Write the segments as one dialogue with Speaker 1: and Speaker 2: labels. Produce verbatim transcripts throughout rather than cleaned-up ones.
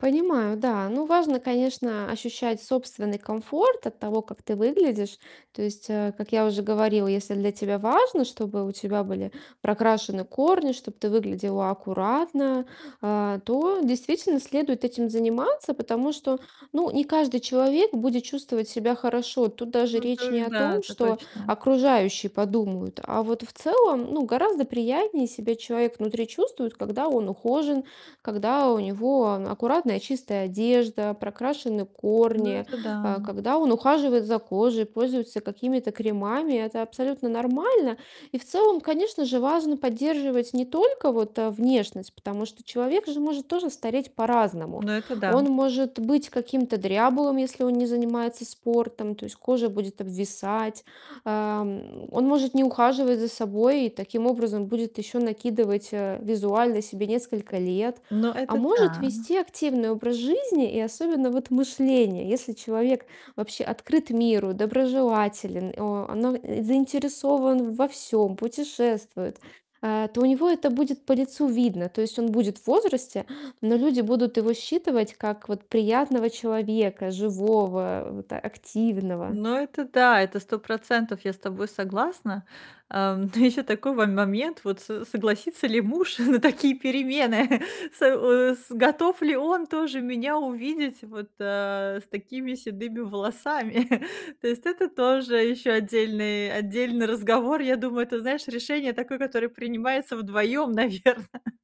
Speaker 1: Понимаю, да. Ну, важно, конечно, ощущать собственный комфорт от того, как ты выглядишь. То есть, э, как я уже говорила, если для тебя важно, чтобы у тебя были прокрашены корни, чтоб ты выглядела аккуратно, а, то действительно следует этим заниматься. Потому что, ну не каждый человек будет чувствовать себя хорошо. Тут даже
Speaker 2: Ну
Speaker 1: речь не
Speaker 2: это
Speaker 1: о
Speaker 2: да,
Speaker 1: том,
Speaker 2: это
Speaker 1: что
Speaker 2: точно.
Speaker 1: окружающие подумают, а вот в целом, ну гораздо приятнее себя человек внутри чувствует, когда он ухожен, когда у него ан аккуратная, чистая одежда, прокрашены
Speaker 2: Ну
Speaker 1: корни,
Speaker 2: это да.
Speaker 1: а, когда он ухаживает за кожей, пользуется какими-то кремами. Это абсолютно нормально. И в целом, конечно же, важно поддерживать не только вот, э, внешность, потому что человек же может тоже стареть по-разному.
Speaker 2: Ну это да.
Speaker 1: Он может быть каким-то дряблым, если он не занимается спортом. То есть кожа будет обвисать, а, м, он может не ухаживать за собой и таким образом будет еще накидывать, э, визуально себе несколько лет.
Speaker 2: Ну
Speaker 1: А
Speaker 2: это
Speaker 1: может
Speaker 2: да.
Speaker 1: вести активный образ жизни, и особенно вот мышление. Если человек вообще открыт миру, доброжелателен, о но, э, заинтересован во всём, путешествует, а, то у него это будет по лицу видно. То есть он будет в возрасте, но люди будут его считывать, как вот приятного человека, живого, вот активного.
Speaker 2: Ну это да. Это сто процентов я с тобой согласна. А, но еще такой мо момент: вот с согласится ли муж на такие перемены? С э, с готов ли он тоже меня увидеть вот, а, с такими седыми волосами? То есть это тоже еще отдельный отдельный разговор. Я думаю, это, знаешь, решение такое, которое принимается вдвоем, наверно.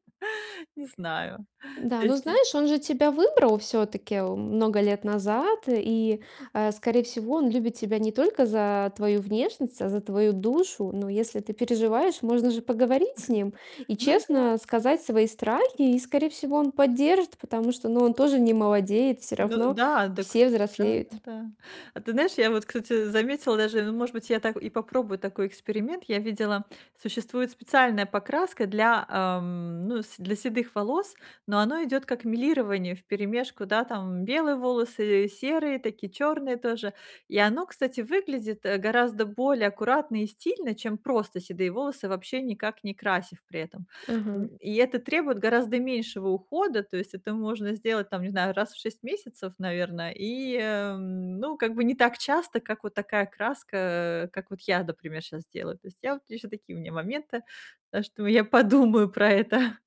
Speaker 2: Не знаю.
Speaker 1: Да,
Speaker 2: То
Speaker 1: ну
Speaker 2: есть и
Speaker 1: знаешь, он же тебя выбрал всё-таки, м, много лет назад. И, э, скорее всего, он любит тебя не только за твою внешность, а за твою душу. Но если ты переживаешь, можно же поговорить с ним и
Speaker 2: Ну да.
Speaker 1: честно сказать свои страхи. И, скорее всего, он поддержит, потому что, ну он тоже не молодеет. Всё
Speaker 2: Ну
Speaker 1: равно
Speaker 2: да! Дак
Speaker 1: все
Speaker 2: т
Speaker 1: взрослеют.
Speaker 2: да-да-да. А ты знаешь, я вот, кстати, заметила даже ну, может быть, я так и попробую такой эксперимент. Я видела, существует специальная покраска для, ам, ну, с для седых волос, но оно идет как мелирование вперемешку, да, там белые волосы, серые такие, черные тоже. И оно, кстати, выглядит, э, гораздо более аккуратно и стильно, чем просто седые волосы, вообще никак не красив при этом.
Speaker 1: Ага.
Speaker 2: М, и это требует гораздо меньшего ухода. То есть это можно сделать, там не знаю, раз в шесть месяцев, наверное, и, эм, ну как бы не так часто, как вот такая краска, как вот я, например, щас делаю. То есть я вот еще такие у меня моменты. Так что я подумаю про это.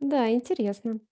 Speaker 1: Н-да, интересно.